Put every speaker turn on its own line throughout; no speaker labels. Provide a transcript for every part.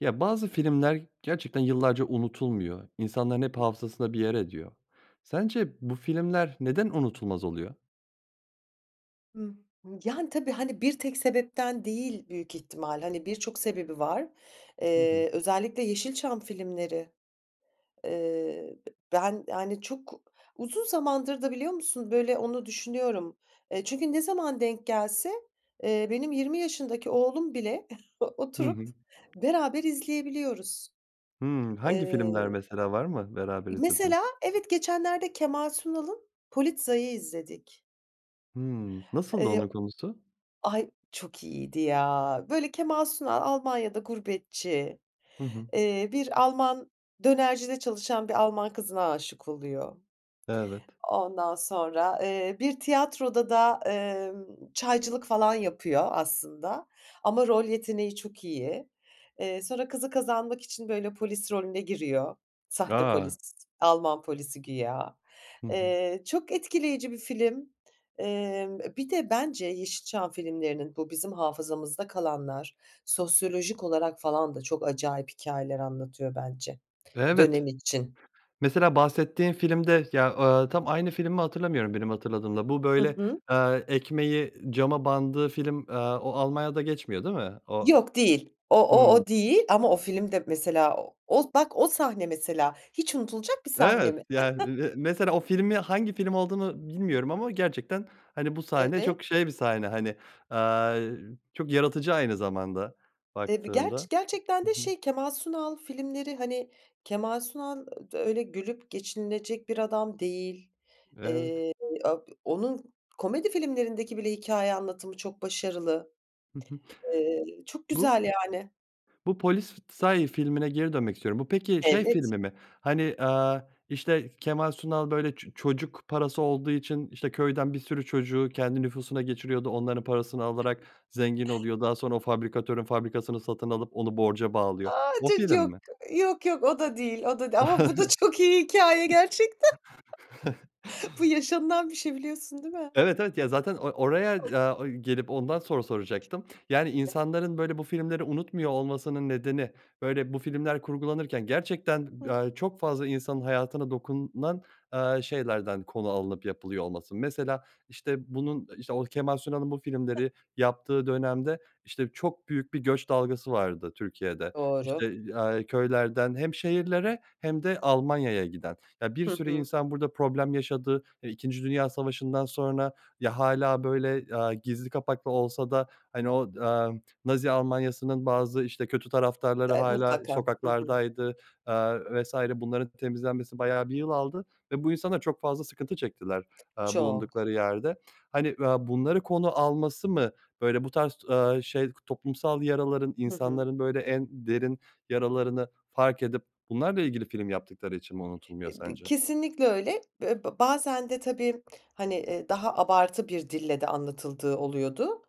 Ya, bazı filmler gerçekten yıllarca unutulmuyor, insanların hep
[unintelligible]
hafızasında bir yer ediyor. Sence bu filmler neden unutulmaz oluyor?
Hı. Yani, tabii, hani, bir tek sebepten değil büyük ihtimal, hani, birçok sebebi var.
Hı hı.
Eee, özellikle Yeşilçam filmleri. Eee, ben, yani, çok uzun zamandır da biliyor musun, böyle, onu düşünüyorum. Eee, çünkü ne zaman denk gelse, eee, benim 20 yaşındaki oğlum bile
Hı
oturup
hı.
beraber izleyebiliyoruz.
Hıı. Hangi filmler
Eee,
mesela var mı beraber izlediğin?
mesela evet, geçenlerde Kemal Sunal'ın Polizei'i izledik.
Hıı. Nasıldı
Eee
onun konusu?
Ay, çok iyiydi ya. Böyle, Kemal Sunal Almanya'da gurbetçi,
Hı hı.
eee, bir Alman dönercide çalışan bir Alman kızına aşık oluyor.
Evet.
Ondan sonra, eee, bir tiyatroda da, emm, çaycılık falan yapıyor aslında ama rol yeteneği çok iyi. Eee, sonra kızı kazanmak için, böyle, polis rolüne giriyor sahte polis,
A.
Alman polisi güya.
Hı hı.
Eee, çok etkileyici bir film. Emm, bir de bence Yeşilçam filmlerinin bu bizim hafızamızda kalanlar sosyolojik olarak falan da çok acayip hikayeler anlatıyor bence dönem
Evet.
için.
Mesela bahsettiğin filmde ya, aaa, tam aynı film mi hatırlamıyorum benim hatırladığımla. Bu,
Hı
böyle,
hı.
eee, ekmeği cama bandığı film, eee, o Almanya'da geçmiyor değil mi? O
Yok değil. O o
Hıı.
o değil ama o film de mesela o bak, o sahne mesela hiç unutulacak bir sahne
Evet.
mi?
Yani me mesela o filmi hangi film olduğunu bilmiyorum ama gerçekten, hani, bu sahne
Evet.
çok şey bir sahne, hani, aaa, çok yaratıcı aynı zamanda
Eee, bir
baktığında.
gerçek gerçekten de,
Hı hı.
şey, Kemal Sunal filmleri, hani, Kemal Sunal [unintelligible] öyle gülüp geçinilecek bir adam değil.
Evet.
Eee, a onun komedi filmlerindeki bile hikâye anlatımı çok başarılı.
Hı hı.
Eee, çok
Bu
güzel yani.
Bu Polizei filmine geri dönmek istiyorum. Bu peki şey
Evet.
filmi mi? Hani, eee, işte, Kemal Sunal böyle ço çocuk parası olduğu için, işte, köyden bir sürü çocuğu kendi nüfusuna geçiriyordu, onların parasını alarak zengin oluyor, daha sonra o fabrikatörün fabrikasını satın alıp onu borca bağlıyor.
A,
O
ço çok
film mi?
yok, yok o da değil, o da değil ama bu da çok iyi hikâye gerçekten. Bu yaşanılan bir şey biliyorsun değil mi?
Evet, evet. Ya, zaten or oraya, eee, gelip ondan soru soracaktım. Yani,
[unintelligible]
insanların, böyle, bu filmleri unutmuyor olmasının nedeni, böyle, bu filmler kurgulanırken gerçekten,
Hı hı.
eee, çok fazla insanın hayatına dokunan, eee, şeylerden konu alınıp yapılıyor olması. Mesela, işte, bunun, işte, o Kemal Sunal'ın bu
Hı.
filmleri yaptığı dönemde, işte, çok büyük bir göç dalgası vardı Türkiye'de.
Doğru.
İşte, aaa, köylerden hem şehirlere hem de Almanya'ya giden. Ya, bir
Hı
sürü
hı.
insan burada problem yaşadı. E, İkinci Dünya Savaşı'ndan sonra ya, hâlâ böyle, aaa, gizli kapaklı olsa da, hani, o, eee, Nazi Almanya'sının bazı, işte, kötü taraftarları
E,
hâlâ
mutlaka. Hı hı.
sokaklardaydı, eee vs. Bunların temizlenmesi bayağı bir yıl aldı ve bu insanlar çok fazla sıkıntı çektiler, eee,
Çok.
bulundukları yerde. Hani, eee, bunları konu alması mı, böyle, bu tarz, eee, şey, toplumsal yaraların
Hı hı.
insanların, böyle, en derin yaralarını fark edip bunlarla ilgili film yaptıkları için mi unutulmuyor
B b
sence?
kesinlikle öyle. Be be bazen de tabii, hani, eee, daha abartı bir dille de anlatıldığı oluyordu,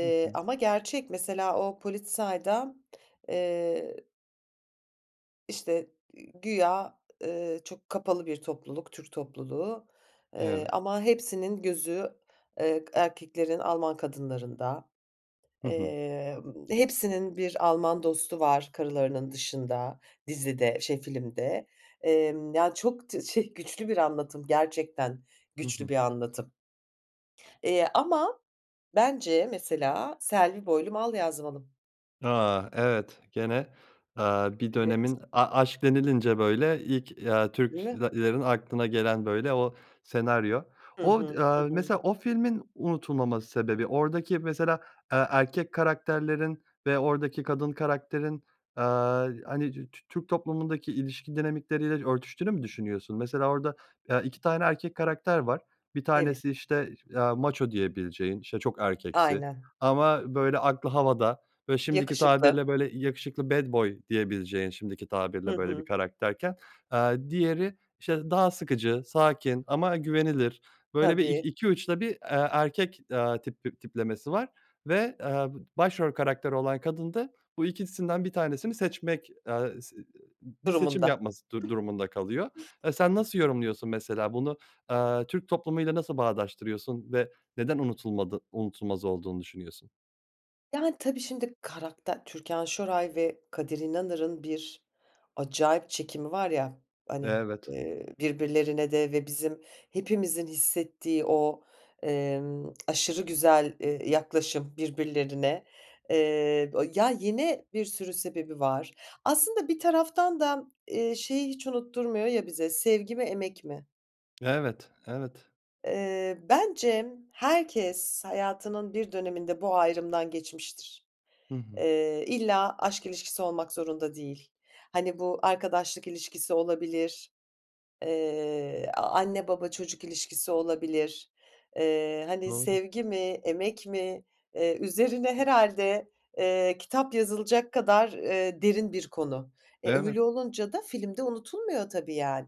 Hı hı.
ama gerçek mesela o Polizei'da eee işte, iii, güya, eee, çok kapalı bir topluluk Türk topluluğu. Eee,
Evet.
ama hepsinin gözü, eee, erkeklerin Alman kadınlarında,
Hı hı.
eee, ımm, hepsinin bir Alman dostu var karılarının dışında dizide şey filmde. Emm, yani, çok tı şey, güçlü bir anlatım gerçekten
Hı
güçlü
hı.
bir anlatım. Eee, ama bence mesela Selvi Boylum Al Yazmalım.
A! Evet, gene, aaa, bir
Evet.
dönemin a aşk denilince böyle ilk, ya,
Değil mi?
Türklerin aklına gelen, böyle, o senaryo.
Hı
O d
hı. Hı
aaa,
hı.
mesela o filmin unutulmama sebebi oradaki mesela, eee, erkek karakterlerin ve oradaki kadın karakterin, aaa, hani, dü Tü Türk toplumundaki ilişki dinamikleriyle örtüştüğünü mü düşünüyorsun? Mesela orada, eee, 2 tane erkek karakter var. Bir
Evet.
tanesi, işte, aaa, maço diyebileceğin, işte, çok erkeksi
Aynen.
ama, böyle, aklı havada ve şimdiki
Yakışıklı.
tabirle, böyle, yakışıklı bad boy diyebileceğin şimdiki
Hı
tabirle, böyle, bir
hı.
karakterken, aaa, diğeri, işte, daha sıkıcı, sakin ama güvenilir, böyle, bir ik
Tabii.
iki uçta bir, eee, erkek, aaa, tip tiplemesi var ve, aaa, başrol karakteri olan kadın da bu ikisinden bir tanesini seçmek, eee, s bir seçim
Durumunda. [unintelligible]
yapması du durumunda kalıyor. Eee, sen nasıl yorumluyorsun mesela bunu, aaa, Türk toplumu ile nasıl bağdaştırıyorsun ve neden unutulmadı unutulmaz olduğunu düşünüyorsun?
Yani, tabii, şimdi, karakter Türkan Şoray ve Kadir İnanır'ın bir acayip çekimi var ya, hani,
Evet.
eee, birbirlerine de ve bizim hepimizin hissettiği o, emm, aşırı güzel, eee, yaklaşım birbirlerine, eee, o ya, yine bir sürü sebebi var. Aslında bir taraftan da, eee, şeyi hiç unutturmuyor ya bize sevgi mi, emek mi?
Evet, evet.
Eee, bence herkes hayatının bir döneminde bu ayrımdan geçmiştir.
I hı.
Eee, illa aşk ilişkisi olmak zorunda değil. Hani, bu arkadaşlık ilişkisi olabilir, eee, a anne, baba, çocuk ilişkisi olabilir, eee, hani,
Doğru.
sevgi mi emek mi, eee, üzerine herhâde, eee, kitap yazılacak kadar, eee, derin bir konu. E,
Evet.
öyle, olunca da film de unutulmuyor tabii yani.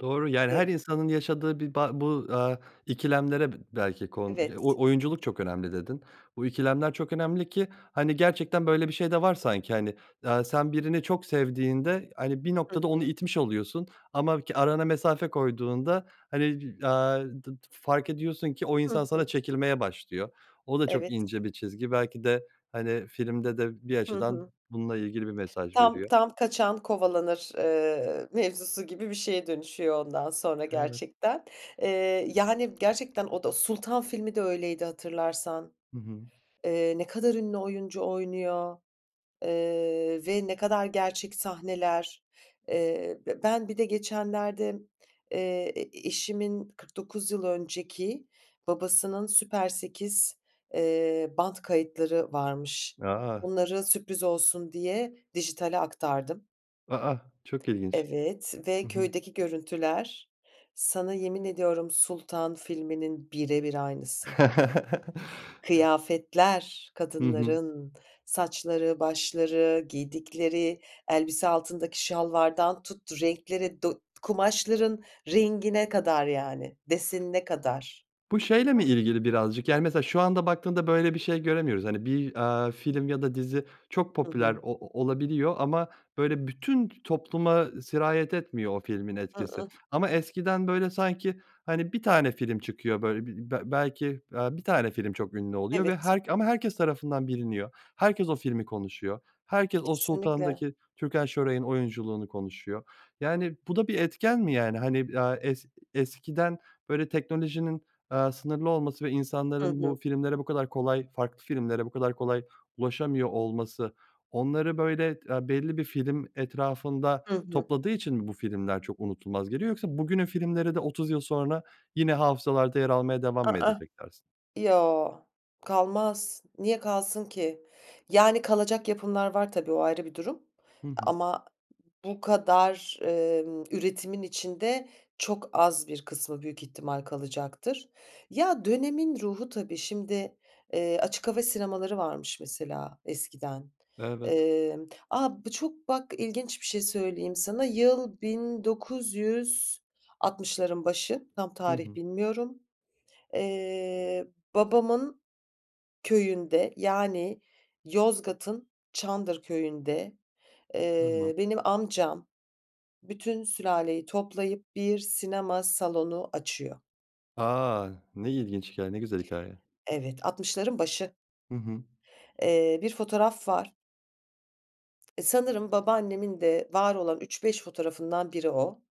Doğru, yani,
[unintelligible]
her insanın yaşadığı bi ba bu aaa, ikilemlere b belki kon
Evet.
o oyunculuk çok önemli dedin. Bu ikilemler çok önemli ki, hani, gerçekten, böyle, bir şey de var sanki, hani, aaa, sen birini çok sevdiğinde, hani, bir
Hı
noktada onu
hı.
itmiş oluyorsun ama ki arana mesafe koyduğunda, hani, d aaa d f fark ediyorsun ki o
Hı
insan
hı.
sana çekilmeye başlıyor. O da çok
Evet.
ince bir çizgi belki de, hani, filmde de bir
Hı
açıdan
hı.
bununla ilgili bir mesaj
Tam,
veriyor.
tam kaçan kovalanır, eee, mevzusu gibi bir şeye dönüşüyor ondan sonra
Evet.
gerçekten. Eee, yani, gerçekten o da Sultan filmi de öyleydi hatırlarsan.
Hı hı.
Eee, ne kadar ünlü oyuncu oynuyor, eee, ve ne kadar gerçek sahneler. Eee, be ben bir de geçenlerde, eee, e e eşimin 49 yıl önceki babasının süper 8 eee, bant kayıtları varmış.
A!
Bunları sürpriz olsun diye dijitale aktardım.
A, a! Çok ilginç.
Evet
Hı
ve
hı.
köydeki görüntüler. Sana yemin ediyorum Sultan filminin bire bir aynısı. Kıyafetler,
Hı hı.
kadınların saçları, başları, giydikleri elbise, altındaki şalvardan tut, renkleri, do kumaşların rengine kadar, yani, desenine kadar.
Bu şeyle mi ilgili birazcık, yani, mesela şu anda baktığımda böyle bir şey göremiyoruz. Hani, bir, aaa, film ya da dizi çok
Hı hı.
popüler o olabiliyor ama, böyle, bütün topluma sirayet etmiyor o filmin
I
etkisi
ıh.
ama eskiden, böyle, sanki, hani, bir tane film çıkıyor, böyle, b b belki, eee, bir tane film çok ünlü oluyor ve
Evet.
her ama herkes tarafından biliniyor. Herkes o filmi konuşuyor. Herkes o
Kesinlikle.
Sultan'daki Türkan Şoray'ın oyunculuğunu konuşuyor. Yani, bu da bir etken mi yani? Hani, eee, es eskiden, böyle, teknolojinin, eee, sınırlı olması ve
Hı
insanların
hı.
bu filmlere bu kadar kolay, farklı filmlere bu kadar kolay ulaşamıyor olması onları, böyle, eee, belli bir film etrafında
Hı hı.
topladığı için mi bu filmler çok unutulmaz geliyor yoksa bugünün filmleri de otuz yıl sonra yine hafızalarda yer almaya devam
A,
mı
ah.
edecek dersin?
Yo, kalmaz. Niye kalsın ki? Yani, kalacak yapımlar var tabii o ayrı bir durum
Hı hı.
ama bu kadar, emm, üretimin içinde çok az bir kısmı büyük ihtimal kalacaktır. Ya, dönemin ruhu tabii şimdi, eee, açık hava sinemaları varmış mesela eskiden.
Evet.
Eee A, bu çok bak ilginç bir şey söyleyeyim sana, yıl 1960'ların başı, tam
Hı
tarih
hı.
bilmiyorum. Eee, babamın köyünde, yani, Yozgat'ın Çandır Köyü'nde,
Tamam.
eee, benim amcam bütün sülaleyi toplayıp bir sinema salonu açıyor.
A! Ne ilginç hikâye, ne güzel hikâye.
Evet, 60'ların başı.
Hı hı.
Eee, bir fotoğraf var. Sanırım babaannemin de var olan 3-5 fotoğrafından biri o.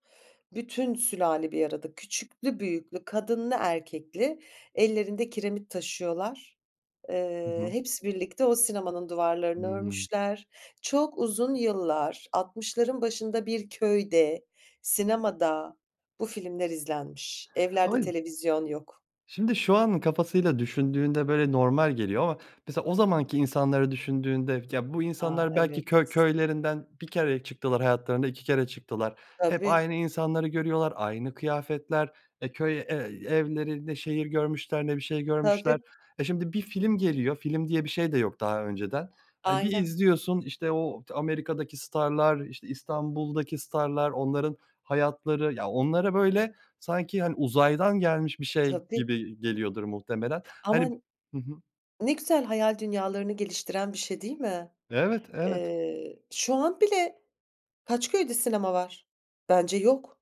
Bütün sülale bir arada küçüklü büyüklü, kadınlı erkekli ellerinde kiremit taşıyorlar.
Hı
Eee,
hı.
hepsi birlikte o sinemanın duvarlarını
Hımm.
örmüşler. Çok uzun yıllar, 60'ların başında bir köyde sinemada bu filmler izlenmiş. Evlerde
[unintelligible]
televizyon yok.
Şimdi şu anın kafasıyla düşündüğünde, böyle, normal geliyor ama mesela o zamanki insanları düşündüğünde, ya, bu
A,
insanlar
evet.
belki köy köylerinden 1 kereye çıktılar hayatlarında, 2 kere çıktılar. Hep
Tabii.
aynı insanları görüyorlar aynı kıyafetler e, köy e evlerinde ne şehir görmüşler ne bir şey görmüşler.
Tabii.
E, şimdi bir film geliyor film diye bir şey de yok daha önceden, hani, bir
Ayna.
izliyorsun, işte, o Amerika'daki starlar, işte, İstanbul'daki starlar onların hayatları ya, onlara, böyle, sanki, hani, uzaydan gelmiş bir şey
Tabii.
gibi geliyordur muhtemelen. Hani
Ama
hı hı.
ne güzel hayal dünyalarını geliştiren bir şey değil mi?
Evet, evet.
Eee, şu an bile kaç köyde sinema var? Bence yok.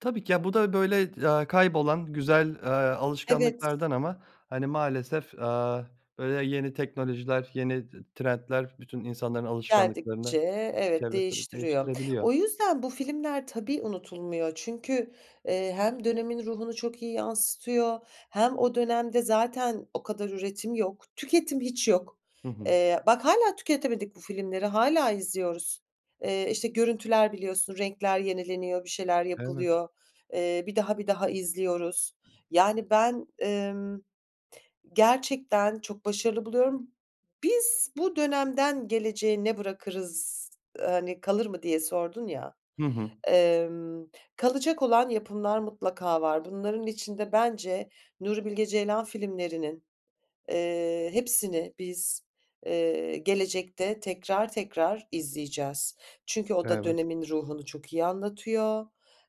Tabii ki. Ya, bu da, böyle, eee, ya kaybolan, güzel, eee,
Evet.
alışkanlıklardan ama, hani, maalesef, aaa, böyle, yeni teknolojiler, yeni trendler bütün insanların
Geldikçe
alışkanlıklarını
evet,
çevresini
değiştiriyor.
değiştirebiliyor.
O yüzden bu filmler tabii unutulmuyor çünkü, eee, hem dönemin ruhunu çok iyi yansıtıyor hem o dönemde zaten o kadar üretim yok, tüketim hiç yok.
Hı hı.
Eee, bak hâlâ tüketemedik bu filmleri, hâlâ izliyoruz. Eee, işte, görüntüler biliyorsun renkler yenileniyor, bir şeyler
Evet.
yapılıyor. Eee, bir daha, bir daha izliyoruz. Yani ben, ımm, gerçekten çok başarılı buluyorum. "Biz bu dönemden geleceğe ne bırakırız, eee, hani, kalır mı?" diye sordun ya.
Hı hı.
Emm, kalacak olan yapımlar mutlaka var. Bunların içinde bence Nuri Bilge Ceylan filmlerinin, eee, hepsini biz, eee, gelecekte tekrar tekrar izleyeceğiz. Çünkü o da
Evet.
dönemin ruhunu çok iyi anlatıyor,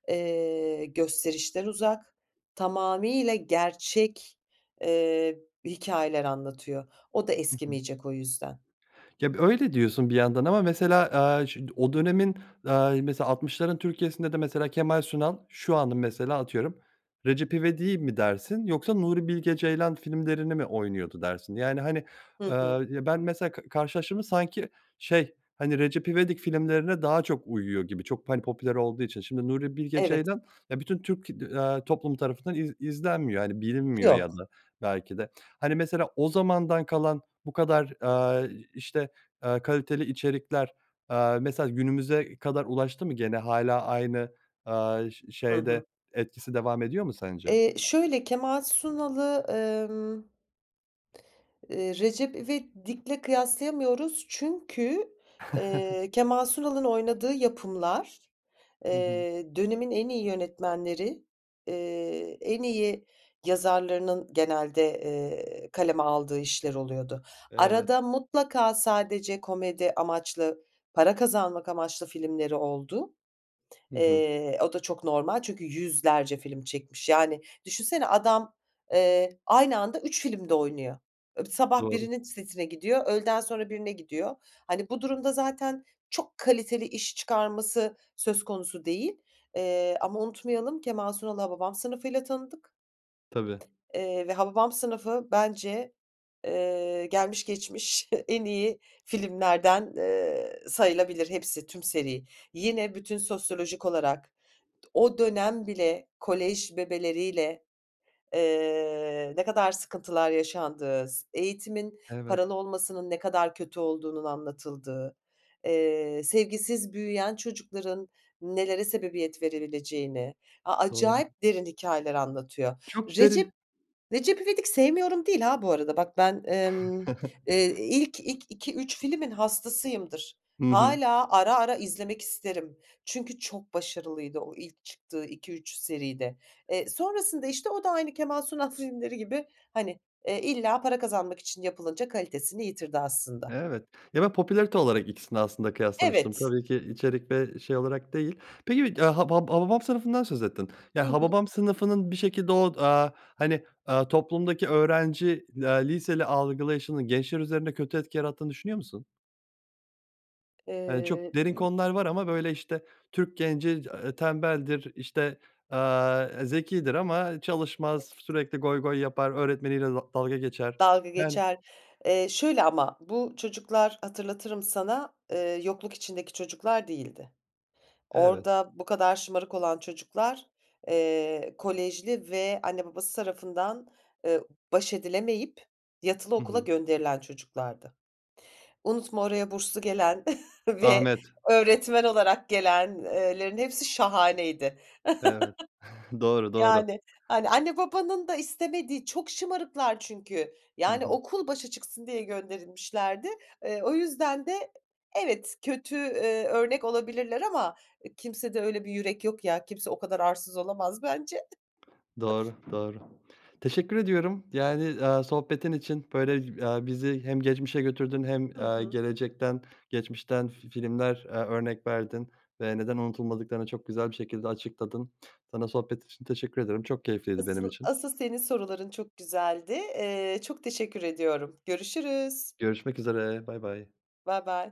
eee, gösterişten uzak, tamamıyla gerçek, eee, hikâyeler anlatıyor. O da
Hı hı.
eskimeyecek o yüzden.
Ya, böyle diyorsun bir yandan ama mesela, aaa, ş o dönemin, aaa, mesela 60'ların Türkiye'sinde de mesela Kemal Sunal şu anın mesela atıyorum Recep İvedik'i mi dersin yoksa Nuri Bilge Ceylan filmlerini mi oynuyordu dersin? Yani, hani,
Hı hı.
aaa, ben mesela k karşılaştırdım mı sanki, şey, hani, Recep İvedik filmlerine daha çok uyuyor gibi çok, hani, popüler olduğu için şimdi Nuri Bilge
Evet.
Ceylan ya, bütün Türk, aaa, toplumu tarafından iz izlenmiyor, hani, bilinmiyor ya
Yok.
da belki de, hani, mesela o zamandan kalan bu kadar, aaa, işte, aaa, kaliteli içerikler, aaa, mesela günümüze kadar ulaştı mı gene hâlâ aynı, aaa, ş
Hı hı.
şeyde etkisi devam ediyor mu sence?
Eee, şöyle, Kemal Sunal'ı, emm ııı, Recep İvedik'le kıyaslayamıyoruz çünkü, eee, Kemal Sunal'ın oynadığı yapımlar,
Hı hı.
eee, dönemin en iyi yönetmenleri, eee, en iyi yazarlarının genelde, eee, kaleme aldığı işler oluyordu.
Evet.
Arada mutlaka sadece komedi amaçlı para kazanmak amaçlı filmleri oldu.
Hı hı.
Eee, o da çok normal çünkü 100'lerce film çekmiş. Yani, düşünsene adam, eee, aynı anda 3 filmde oynuyor. Sabah
Doğru.
birinin setine gidiyor, öğleden sonra birine gidiyor. Hani, bu durumda zaten çok kaliteli iş çıkarması söz konusu değil, eee, ama unutmayalım Kemal Sunal'ı Hababam Sınıfı'yla tanıdık,
Tabii.
eee, ve Hababam Sınıfı bence, eee, gelmiş geçmiş en iyi filmlerden, eee, sayılabilir hepsi, tüm seri. Yine bütün sosyolojik olarak o dönem bile kolej bebeleriyle, eee, ne kadar sıkıntılar yaşandığı, s eğitimin
Evet.
paralı olmasının ne kadar kötü olduğunun anlatıldığı, eee, sevgisiz büyüyen çocukların nelere sebebiyet verileceğini, a
Doğru.
acayip derin hikâyeler anlatıyor.
Çok derin.
Recep Recep İvedik sevmiyorum değil ha, bu arada bak ben, ımm, eee, ilk, ilk 2-3 filmin hastasıyımdır.
Hı hı.
Hâlâ ara ara izlemek isterim. Çünkü çok başarılıydı o ilk çıktığı 2-3 seride. Eee, sonrasında, işte, o da aynı Kemal Sunal filmleri gibi, hani, eee, illa para kazanmak için yapılınca kalitesini yitirdi aslında.
Evet. Ya, ben popülarite olarak ikisini aslında kıyaslamıştım.
Evet.
Tabii ki içerik ve şey olarak değil. Peki, [unintelligible] Haba Hababam Sınıfı'ndan söz ettin.
Hı
Ya,
hı.
Hababam Sınıfı'nın bir şekilde o, aaa, hani, aaa, toplumdaki öğrenci, eee, liseli algılayışının gençler üzerine kötü etki yarattığını düşünüyor musun? Hani, çok
Eee
derin konular var ama, böyle, işte, Türk genci, eee, tembeldir, işte, aaa, zekidir ama çalışmaz,
Evet.
sürekli goy goy yapar, öğretmeniyle da dalga geçer.
Dalga
Yani
geçer. Eee, şöyle ama bu çocuklar hatırlatırım sana, eee, yokluk içindeki çocuklar değildi.
Evet.
Orada bu kadar şımarık olan çocuklar, eee, kolejli ve anne babası tarafından, eee, baş edilemeyip yatılı
Hı
okula
hı.
gönderilen çocuklardı. Unutma oraya burslu gelen ve
Ahmet.
öğretmen olarak gelen eee, lerin hepsi şahaneydi.
Evet. Doğru, doğru.
Yani. Hani, anne babanın da istemediği. Çok şımarıklar çünkü.
Hı
Yani,
hı.
okul başa çıksın diye gönderilmişlerdi. Eee, o yüzden de e evet kötü, eee, örnek olabilirler ama, eee, kimsede öyle bir yürek yok ya. Kimse o kadar arsız olamaz bence.
Doğru, doğru. Teşekkür ediyorum. Yani, eee, sohbetin için, böyle, eee, bizi hem geçmişe götürdün hem,
Hı
eee,
hı.
gelecekten geçmişten fi filmler, eee, örnek verdin ve neden unutulmadıklarını çok güzel bir şekilde açıkladın. Sana sohbet için teşekkür ederim. Çok keyifliydi benim
Asıl
için.
asıl senin soruların çok güzeldi. Eee, çok teşekkür ediyorum. Görüşürüz.
Görüşmek üzere, baybay.
Baybay.